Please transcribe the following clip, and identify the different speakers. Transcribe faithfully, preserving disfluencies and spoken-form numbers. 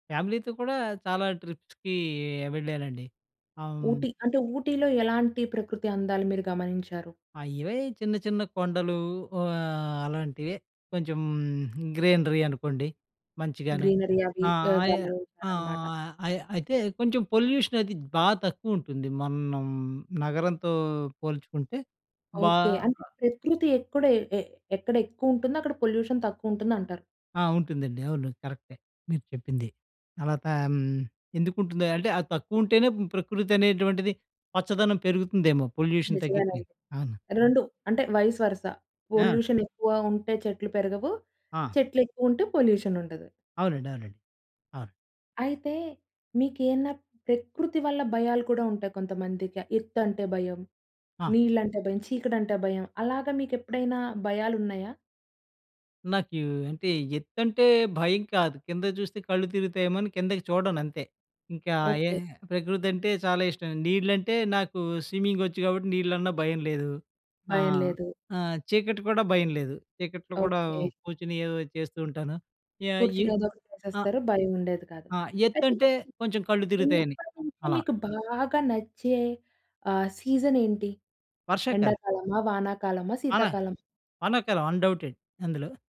Speaker 1: ఫ్యామిలీతో కూడా చాలా ట్రిప్స్‌కి వెళ్ళేనండి. ఆహ్, హ్మ్.
Speaker 2: 'ఊటీ', అంటే 'ఊటీలో' ఎలాంటి ప్రకృతి అందాలు మీరు గమనించారు?
Speaker 1: ఆ! ఇవే చిన్న చిన్న కొండలు ఆహ్, అలాంటివే. కొంచెం గ్రీనరీ అనుకోండి! మంచిగాను.
Speaker 2: గ్రీనరీ అవి
Speaker 1: ఆహ్,
Speaker 2: ఆహ్,
Speaker 1: అయ్
Speaker 2: గమనించారన్నమాట.
Speaker 1: ఆహ్, అయి అయితే కొంచెం పొల్యూషన్ అనేది బాగా తక్కువ ఉంటుంది. మనం నగరంతో పోల్చుకుంటే బా
Speaker 2: ఓకే. అంటే ప్రకృతి ఎక్కుడ ఎ ఎక్కడ ఎక్కువుంటుందో అక్కడ పొల్యూషన్ తక్కువుంటుందంటారు?
Speaker 1: ఆ! ఉంటుందండి. అవును. కరెక్టే మీరు చెప్పింది. తర్వాత హ్మ్. ఎందుకుంటుంది అంటే అది తక్కువ ఉంటేనే ప్రకృతి అనేటువంటిది పచ్చదనం పెరుగుతుందేమో పొల్యూషన్ తగ్గితే.
Speaker 2: నిజమేనండి.
Speaker 1: అవును.
Speaker 2: రెండు అంటే వైస్ వర్సా
Speaker 1: ఆ!
Speaker 2: పొల్యూషన్ ఎక్కువ ఉంటే చెట్లు పెరగవు,
Speaker 1: ఆ!
Speaker 2: చెట్లు ఎక్కువ ఉంటే పొల్యూషన్ ఉండదు.
Speaker 1: అవునండి, అవునండి. అవును.
Speaker 2: అయితే, మీకేన్నా ప్రకృతి వల్ల భయాలు కూడా ఉంటాయి. కొంతమందికి ఎత్తంటే భయం,
Speaker 1: ఆ!
Speaker 2: నీళ్ళంటే భయం, చీకటంటే భయం అలాగా మీకు ఎప్పుడైనా భయాలున్నాయా?
Speaker 1: నాకు అంటే ఎత్తంటే భయం కాదు, కిందకి చూస్తే కళ్ళు తిరుగుతాయేమో అని కిందకి చూడను అంతే, ఇంకా ఏ
Speaker 2: ఓకే.
Speaker 1: ప్రకృతి అంటే చాలా ఇష్టం, నీళ్లంటే నాకు స్విమ్మింగ్ వచ్చు కాబట్టి నీళ్లన్న భయం లేదు, ఆ!
Speaker 2: భయం లేదు.
Speaker 1: ఆహ్, చీకటి కూడా భయం లేదు చీకట్లో కూడా
Speaker 2: ఓకే.
Speaker 1: కూర్చొని ఏదో చేస్తూ ఉంటాను, యా ఎ
Speaker 2: కూర్చొని ఏదో ఒకటి
Speaker 1: ఆహ్,
Speaker 2: చేసేస్తారు. భయం ఉండేది కాదు.
Speaker 1: ఆ! ఎ
Speaker 2: అయితే
Speaker 1: ఎత్తంటే కొంచెం కళ్ళు తిరుగుతాయని,
Speaker 2: చిన్నపటి నుంచి
Speaker 1: అలా.
Speaker 2: మీకు బాగా నచ్చే ఆహ్, సీజన్ ఏంటి?
Speaker 1: వర్షాకాలం.
Speaker 2: ఎండాకాలమా, వానాకాలమా,
Speaker 1: వాన.
Speaker 2: శీతాకాలం?
Speaker 1: వానాకాలం అన్‌డౌటెడ్‌ అందులో.